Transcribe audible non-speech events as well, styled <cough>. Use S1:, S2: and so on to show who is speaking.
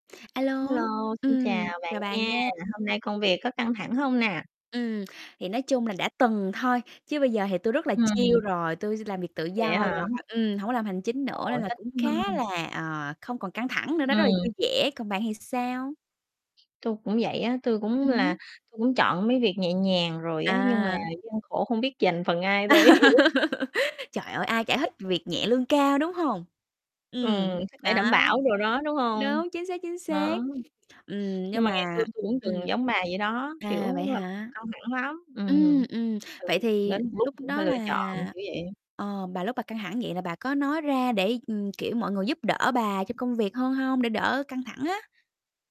S1: A lô,
S2: Hello, xin chào
S1: ừm,
S2: bạn
S1: chào bà
S2: nha!
S1: nha.
S2: Hôm nay công việc có căng thẳng hông nè?
S1: Ừm, thì nói chung là đã từng thôi, chứ bây giờ thì tôi rất là chill
S2: Ừm.
S1: rồi. Tui s làm việc tự
S2: Vậy
S1: do
S2: á hả?
S1: rồi, ừm, hổng có làm hành chính
S2: Ồ,
S1: nữa nên
S2: ôi,
S1: là
S2: thích
S1: cũng khá
S2: ha!
S1: là, ờ, không còn căng thẳng nữa đó, rất là
S2: Ừm.
S1: vui vẻ. Còn bạn thì sao?
S2: Tôi cũng vậy á, tôi cũng
S1: Ừm
S2: là
S1: hứm.
S2: tôi cũng chọn mấy việc nhẹ nhàng rồi á, nhưng mà
S1: À.
S2: gian khổ không biết dành phần ai
S1: <laughs>
S2: đây?
S1: Trời ơi, ai chả thích
S2: <laughs>
S1: việc nhẹ lương cao, đúng hông? Ừm,
S2: Ừm, sức khỏe đảm
S1: đó.
S2: bảo đồ đó, đúng hông?
S1: Đúng, chính xác, chính xác.
S2: Đó.
S1: Ừm,
S2: Nhưng
S1: nhưng
S2: mà ngày xưa
S1: mà
S2: tôi cũng
S1: ừm.
S2: từng giống bà vậy đó,
S1: À,
S2: kiểu,
S1: vậy
S2: làm
S1: hả?
S2: căng thẳng lắm,
S1: Ừm,
S2: ừm.
S1: ừm, vậy
S2: Ừ,
S1: thì
S2: đến một lúc
S1: lúc
S2: cũng
S1: đó
S2: phải lựa chọn,
S1: là
S2: kiểu vậy.
S1: ờ, bà lúc bà căng thẳng vậy là bà có nói ra để, ừm, kiểu, mọi người giúp đỡ bà trong công việc hơn hông? Để đỡ căng thẳng á?